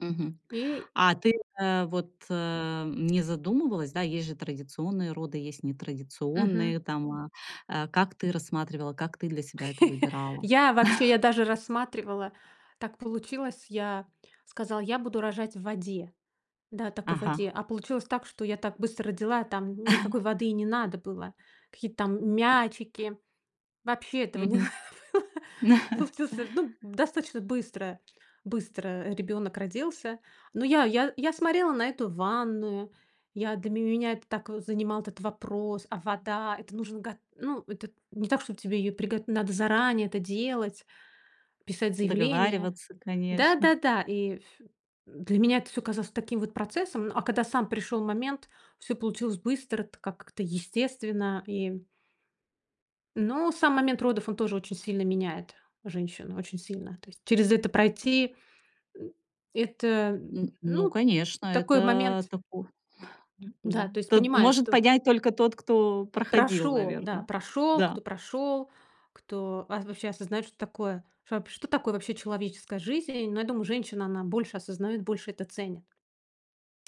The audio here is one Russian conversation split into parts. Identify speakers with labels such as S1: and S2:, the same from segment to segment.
S1: Мгм,
S2: И
S1: а ты, э, вот, э, не задумывалась, да, есть же традиционные роды, есть
S2: Мгм.
S1: нетрадиционные там, а а как ты рассматривала, как ты для себя это выбирала?
S2: Я вообще, я даже рассматривала, так получилось, я сказала: "Я буду рожать в воде". Да, такой в
S1: Ага.
S2: воде. А получилось так, что я так быстро родила, там никакой воды и не надо было. Какие-то там мячики. Вообще этого не
S1: Мгм.
S2: надо было. Так получился, ну, достаточно быстро быстро, э, ребёнок родился. Но я я я смотрела на эту ванную. Я для меня это так, э, занимал этот вопрос. А вода? Это нужно го ну, это не так, чтоб тебе её приго надо заранее это делать, писать заявление.
S1: Договариваться,
S2: Да,
S1: конечно.
S2: да, да, и ф для меня это всё казалось таким вот процессом, но, а когда сам пришёл момент, всё получилось быстро так, как-то естественно, и Но сам момент родов, он тоже очень сильно меняет женщину, очень сильно, то есть через это пройти, э, это, м,
S1: Н ну,
S2: ну,
S1: конечно,
S2: такой
S1: это
S2: момент
S1: тако
S2: Да,
S1: м-да,
S2: то есть,
S1: т
S2: понимая,
S1: может
S2: что
S1: понять только тот, кто проходил,
S2: Прошёл, да,
S1: наверно.
S2: прошёл, кто
S1: Да.
S2: прошёл, кто ва вообще осознаёт, что такое что вап что такое вообще человеческая жизнь. Но я думаю, женщина, она больше осознаёт, больше это ценит.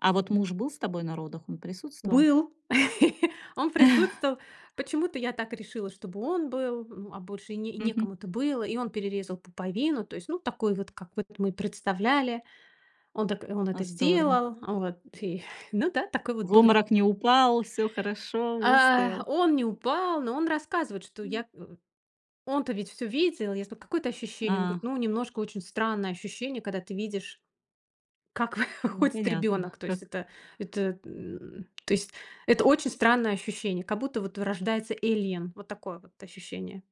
S1: А вот муж был с тобой на родах, он присутствовал?
S2: Был, он присутствовал. Почему-то я так решила, чтобы он был, м, а больше и не
S1: Мгм.
S2: некому это было. И он перерезал пуповину, то есть, ну, такой вот, как вот мы представляли, он так он
S1: А,
S2: это
S1: здорово.
S2: сделал, вот и, ну да, такой вот
S1: В
S2: был рит
S1: обморок не упал, всё хорошо,
S2: А,
S1: выстоял.
S2: он не упал, но он рассказывает, что
S1: М.
S2: я у у он-то ведь всё видел. Я сказала: "Какое это ощущение?" Он говорит:
S1: Ах.
S2: "Ну, немножко очень странное ощущение, когда ты видишь, как
S1: Ну,
S2: выходит
S1: понятно
S2: ребенок". То есть
S1: как.
S2: это это, м, то есть это очень странное ощущение, как будто вот рождается alien. Вот такое вот ощущение.